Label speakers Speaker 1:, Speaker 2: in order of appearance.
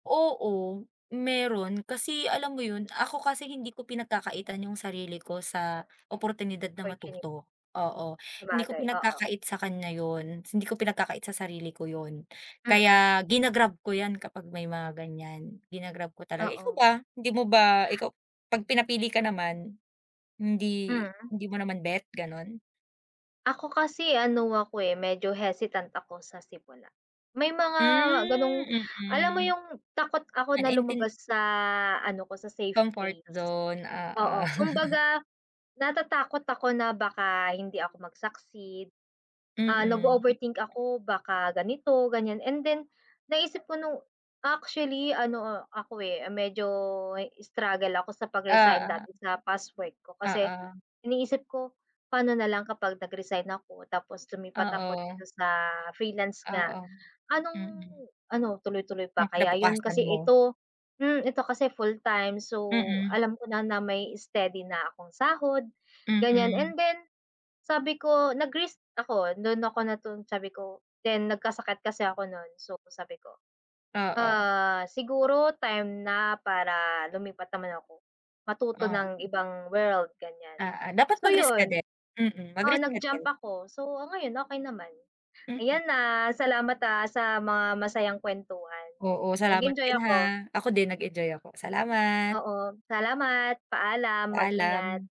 Speaker 1: Oo, mayron. Kasi alam mo 'yon, ako kasi hindi ko pinagkakaitan yung sarili ko sa oportunidad na
Speaker 2: Portuni
Speaker 1: matuto. Oo, hindi ko
Speaker 2: Sabagay, oo.
Speaker 1: pinagkakait sa kanya 'yon. Hindi ko pinagkakait sa sarili ko 'yon.
Speaker 2: Mm.
Speaker 1: Kaya gina-grab ko 'yan kapag may mga ganiyan, gina-grab ko talaga. Ikaw
Speaker 2: Oo.
Speaker 1: ba? Hindi mo ba ikaw 'pag pinapili ka naman, hindi
Speaker 2: Hmm.
Speaker 1: hindi mo naman bet, gano'n?
Speaker 2: Ako kasi ano ako, eh, medyo hesitant ako sa simula. May mga
Speaker 1: Hmm,
Speaker 2: ganong alam mo
Speaker 1: mm.
Speaker 2: yung takot ako
Speaker 1: Ah,
Speaker 2: na
Speaker 1: naintin
Speaker 2: lumabas sa ano ko, sa safe
Speaker 1: Comfort
Speaker 2: place.
Speaker 1: zone,
Speaker 2: Oo,
Speaker 1: oo.
Speaker 2: kumbaga natatakot ako na baka hindi ako mag-succeed, ah,
Speaker 1: Mm.
Speaker 2: nag-o-overthink ako baka ganito, ganiyan and then naisip ko nung actually ano, ako, eh, medyo struggle ako sa pag-resign dati
Speaker 1: Oo.
Speaker 2: sa past work ko kasi
Speaker 1: Oo.
Speaker 2: iniisip ko, "Paano nalang kapag nag-resign ako tapos lumipat ako
Speaker 1: Oo.
Speaker 2: dito sa freelance nga,
Speaker 1: Oo.
Speaker 2: anong
Speaker 1: Mm.
Speaker 2: ano, tuloy-tuloy pa
Speaker 1: Ng
Speaker 2: kaya 'yon
Speaker 1: kinabukasan
Speaker 2: kasi
Speaker 1: mo.
Speaker 2: ito hmm, ito kasi full time so,
Speaker 1: Mm.
Speaker 2: alam ko na na may steady na akong sahod." ganiyan
Speaker 1: Mm.
Speaker 2: and then sabi ko nag-risk ako. Do'n ako natun sabi ko then nagkasakit kasi ako no'n, so sabi ko,
Speaker 1: Oo.
Speaker 2: "Ah, siguro time na para lumipat naman ako, matuto
Speaker 1: Oh.
Speaker 2: ng ibang world ganiyan."
Speaker 1: Oo. Dapat
Speaker 2: so
Speaker 1: mag-risk ka
Speaker 2: 'yon.
Speaker 1: din, mm.
Speaker 2: Oo,
Speaker 1: Mag-risk ka
Speaker 2: nag-jump
Speaker 1: din.
Speaker 2: ako. So, ngayon okey naman.
Speaker 1: Mm.
Speaker 2: Ayan ha, salamat ha, sa mga masayang kuwentuhan.
Speaker 1: Oo, salamat
Speaker 2: Nag-enjoy
Speaker 1: din,
Speaker 2: ako.
Speaker 1: ha. Ako din nag-enjoy ako, salamat.
Speaker 2: Oo. Salamat. Paalam, mag-ingat.
Speaker 1: Paalam.